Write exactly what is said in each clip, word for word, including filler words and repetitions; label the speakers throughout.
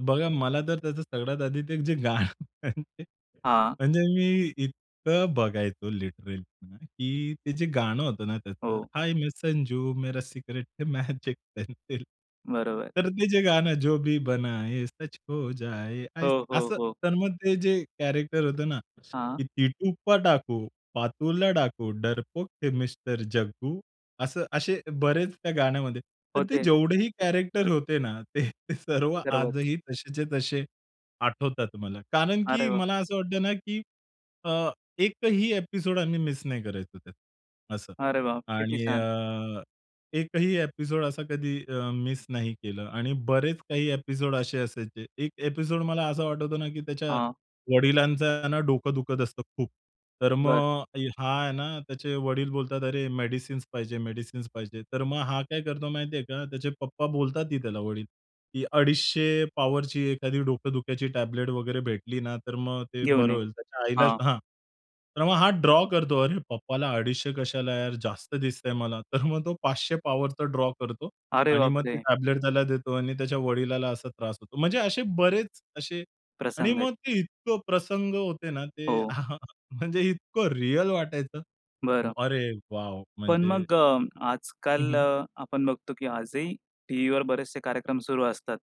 Speaker 1: बघा मला तर त्याचं सगळ्यात आधी ते जे गाणं म्हणजे.
Speaker 2: हां.
Speaker 1: म्हणजे मी इतकं बघायचो लिटरली की ते जे गाणं होतं ना त्याचं.
Speaker 2: हो.
Speaker 1: हाय मै संजू, मेरा सिक्रेट है मॅजिक पेन्सिल.
Speaker 2: बरोबर.
Speaker 1: तर ते जे गाणं, जो भी बनाये सच हो जाये,
Speaker 2: हो, हो,
Speaker 1: असं.
Speaker 2: हो.
Speaker 1: तर मग ते जे कॅरेक्टर होतं ना,
Speaker 2: हां.
Speaker 1: की टीटू पढ़ाकू, पार्थो पढ़ाकू, डरपोक थे मिस्टर जग्गू. असं असे बरेच त्या गाण्यामध्ये. तर ते
Speaker 2: होते.
Speaker 1: जेवढेही कॅरेक्टर होते ना, ते सर्व
Speaker 2: सर्वच.
Speaker 1: आजही तसेच्या तसे आठवतात मला कारण
Speaker 2: अरे
Speaker 1: की
Speaker 2: वाह!
Speaker 1: मला असं वाटतं ना, की अ, एकही ॲपिसोड आम्ही मिस नाही करायचो त्यात असं.
Speaker 2: अरे वाह! किती
Speaker 1: आणि
Speaker 2: छान.
Speaker 1: अ, एकही ॲपिसोड असा कधी अ, मिस नाही केला. आणि बरेच काही ॲपिसोड असे असायचे. एक ॲपिसोड मला असा वाटतो ना की त्याच्या
Speaker 2: हां.
Speaker 1: वडिलांचं ना डोकं दुखत असतं खूप. तर
Speaker 2: बरं.
Speaker 1: मग हा आहे ना, त्याचे वडील बोलतात, "अरे मेडिसिन्स पाहिजे, मेडिसिन्स पाहिजे." तर मग हा काय करतो माहिती आहे का? त्याचे पप्पा बोलतात, ही त्याला वडील, की "अडीचशे पॉवरची एखादी डोकं दुखायची टॅबलेट वगैरे भेटली ना तर मग ते
Speaker 2: घेऊ
Speaker 1: बरं
Speaker 2: नये
Speaker 1: होईल." त्याच्या आईला
Speaker 2: हां.
Speaker 1: हां. तर मग हा ड्रॉ करतो, "अरे पप्पाला अडीचशे कशाला यार, जास्त दिसतं आहे मला." तर मग तो पाचशे पॉवर तर ड्रॉ करतो.
Speaker 2: अरे
Speaker 1: आणि
Speaker 2: बाप
Speaker 1: मग ते
Speaker 2: रे!
Speaker 1: टॅबलेट त्याला देतो आणि त्याच्या वडिलांना असा त्रास होतो. म्हणजे असे बरेच असे आणि
Speaker 2: प्रसंग आहेत.
Speaker 1: मग ते इतकं प्रसंग होते ना, ते
Speaker 2: हो.
Speaker 1: म्हणजे इतकं रिअल वाटायचं.
Speaker 2: बरं.
Speaker 1: अरे वॉव!
Speaker 2: पण
Speaker 1: म्हणजे
Speaker 2: मग अ,
Speaker 1: हं,
Speaker 2: आजकाल
Speaker 1: हं.
Speaker 2: अ, आपण बघतो की आजही टीव्हीवर बरेचसे कार्यक्रम सुरू असतात.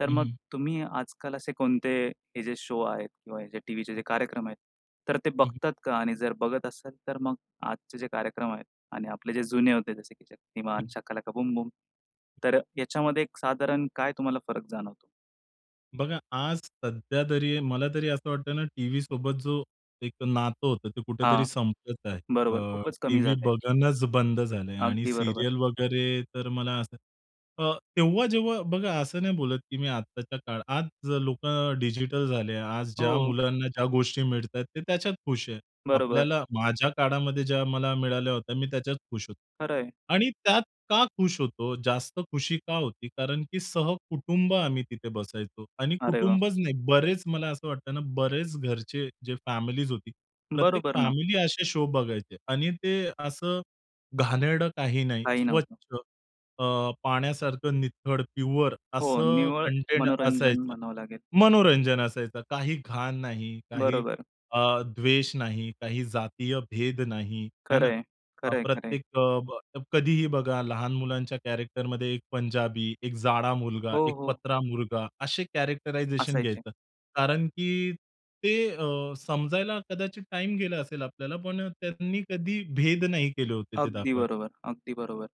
Speaker 2: तर
Speaker 1: हं,
Speaker 2: मग
Speaker 1: हं.
Speaker 2: तुम्ही आजकाल असे कोणते हे जे शो आहेत किंवा जे टीव्हीचे जे कार्यक्रम आहेत, तर ते
Speaker 1: हं, हं.
Speaker 2: बघता का? आणि जर बघत असाल तर मग आजचे जे कार्यक्रम आहेत आणि आपले जे जुने होते जसे की शक्तिमान,
Speaker 1: हं.
Speaker 2: Shaka Laka Boom Boom. तर याच्यामध्ये साधारण काय तुम्हाला फरक जाणवतो?
Speaker 1: बघा आज सध्यातरी मलातरी असं वाटतं ना टीव्हीसोबत जो एक नातं होतं ते कुठेतरी
Speaker 2: हां,
Speaker 1: संपत आहे.
Speaker 2: बरोबर.
Speaker 1: अ,
Speaker 2: खूपच कमी
Speaker 1: टीव्ही
Speaker 2: झालं आहे.
Speaker 1: बघणंच बंद झालं आहे आणि
Speaker 2: अगदी बरोबर.
Speaker 1: सीरियल वगैरे तर मला असं अ, तेव्हा जेव्हा बघा असं नाही बोलत की मी आत्ताच्या काळात. आज लोकं डिजिटल झाले. आज ज्या
Speaker 2: हो.
Speaker 1: मुलांना ज्या गोष्टी मिळतायेत ते त्याच्यात खुश आहेत.
Speaker 2: बरोबर.
Speaker 1: आपल्याला, माझ्या काळामध्ये ज्या मला मिळाल्या होत्या मी त्याच्यात खुश होतो.
Speaker 2: खरं आहे.
Speaker 1: आणि त्यात का खुश होतो? जास्त खुशी का होती कारण की सहकुटुंब आम्ही तिथे बसायचो. आणि
Speaker 2: अरे वाह!
Speaker 1: कुटुंबच नाही, बरेच मला असं वाटतं ना, बऱ्याच घरच्या जे फॅमिलीज होत्या. प्रत्येक
Speaker 2: बरोबर ना.
Speaker 1: फॅमिली असे शो बघायचे आणि ते असं घाणेरडं काही नाही.
Speaker 2: काही
Speaker 1: स्वच्छ
Speaker 2: नव्हतं.
Speaker 1: अ, पाण्यासारखं नितळ, प्युअर
Speaker 2: हो.
Speaker 1: असं
Speaker 2: निव्वळ
Speaker 1: कंटेंट
Speaker 2: मनोरंजन
Speaker 1: असायचं.
Speaker 2: म्हणावं लागेल.
Speaker 1: मनोरंजन असायचं. काही घाण नाही. काही
Speaker 2: बरोबर.
Speaker 1: अ, द्वेष नाही, काही जातीय भेद नाही, हे ना?
Speaker 2: खरं आहे.
Speaker 1: अ,
Speaker 2: खरं आहे, खरं आहे.
Speaker 1: प्रत्येक अ, ब कधीही बघा लहान मुलांच्या कॅरेक्टरमध्ये एक पंजाबी, एक जाडा मुलगा,
Speaker 2: हो,
Speaker 1: एक
Speaker 2: हो.
Speaker 1: पत्रा मुलगा. असे कॅरेक्टरायझेशन
Speaker 2: असायचे.
Speaker 1: घ्यायचं. कारण की ते अ, समजायला कदाचित टाईम गेला असेल आपल्याला पण त्यांनी कधी भेद नाही केले होते ते
Speaker 2: अगदी
Speaker 1: दाखवाय
Speaker 2: बरोबर. अगदी बरोबर.